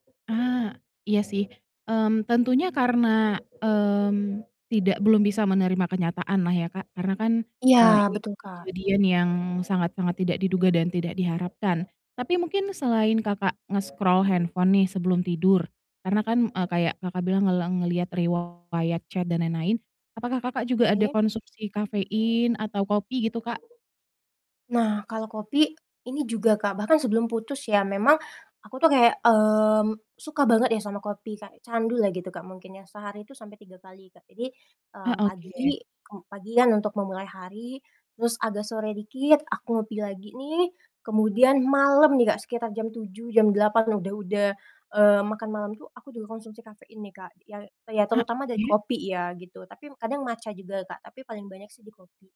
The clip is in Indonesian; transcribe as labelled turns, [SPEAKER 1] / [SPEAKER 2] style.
[SPEAKER 1] Ah. Iya sih, mmm, tentunya karena, mmm, tidak belum bisa menerima kenyataan lah ya Kak. Karena kan,
[SPEAKER 2] Iya,
[SPEAKER 1] eee, ini
[SPEAKER 2] betul Kak.
[SPEAKER 1] kejadian yang sangat sangat tidak diduga dan tidak diharapkan. Tapi mungkin selain Kakak nge-scroll handphone nih sebelum tidur, karena kan, eee, kayak Kakak bilang ngeleng ngelihat riwayat chat, dan lain-lain. Apakah Kakak juga ada
[SPEAKER 2] Oke.
[SPEAKER 1] konsumsi kafein atau kopi gitu Kak?
[SPEAKER 2] Nah, kalau kopi, ini juga Kak. Bahkan sebelum putus ya memang, aku tuh kayak, mmm, suka banget ya sama kopi, kayak candu lah gitu, Kak, mungkin ya. Sehari itu sampai 3 kali. Jadi,
[SPEAKER 1] Ah,
[SPEAKER 2] mmm,
[SPEAKER 1] oke.
[SPEAKER 2] pagi, kem pagian untuk memulai hari, terus agak sore dikit, aku ngopi lagi nih. Kemudian malam nih Kak, sekitar jam 7.00, jam 8.00, udah udah, eee, makan malam tuh, aku juga konsumsi kafein nih Kak, yang ya
[SPEAKER 1] Eee,
[SPEAKER 2] terutama dari
[SPEAKER 1] oke.
[SPEAKER 2] kopi ya gitu, tapi kadang matcha juga Kak, tapi paling banyak sih di kopi.